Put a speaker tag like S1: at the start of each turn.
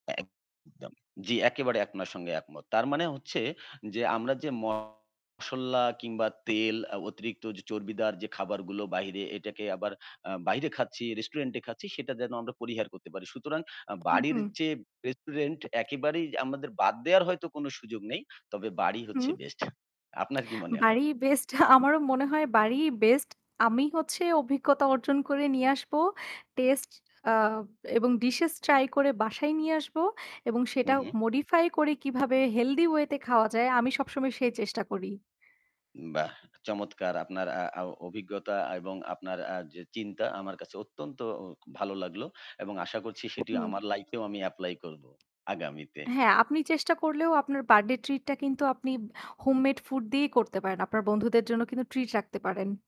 S1: একদম। জ্বি একেবারে আপনার সঙ্গে একমত। তার মানে হচ্ছে যে আমরা যে মশলা কিংবা তেল আ অতিরিক্ত চর্বিদার যে খাবারগুলো বাইরে এটাকে আবার আ বাইরে খাচ্ছি, রেস্টুরেন্টে খাচ্ছি সেটা যেন আমরা পরিহার করতে পারি। সুতরাং আ
S2: হুম,
S1: বাড়ির
S2: হুম।
S1: চেয়ে রেস্টুরেন্ট একেবারেই আমাদের বাদ দেয়ার হয়তো কোন সুযোগ নেই। তবে বাড়ি হচ্ছে
S2: হুম।
S1: বেস্ট। আপনার কি মনে হয়?
S2: বাড়িই বেস্ট আমারও মনে হয় বাড়িই বেস্ট। আমি হচ্ছে অভিজ্ঞতা অর্জন করে নিয়ে আসবো। টেস্ট আ এবং ডিশ ট্রাই করে বাসায় নিয়ে আসব। এবং সেটা
S1: হুম, হুম।
S2: modify করে কিভাবে Healthy way তে খাওয়া যায় আমি সবসময় সেই চেষ্টা করি।
S1: বাহ! চমৎকার আপনার আ অ অভিজ্ঞতা এবং আপনার আ যে চিন্তা আমার কাছে অত্যন্ত অ ভালো লাগলো। এবং আশা করছি সেটি
S2: হুম।
S1: আমার লাইফেও এও আমি এপ্লাই করব, আগামীতে।
S2: হ্যাঁ আপনি চেষ্টা করলেও আপনার বার্থডে ট্রিট টা কিন্তু আপনি হোম মেড ফুড দিয়েই করতে পারেন। আপনার বন্ধুদের জন্য কিন্তু ট্রিট রাখতে পারেন।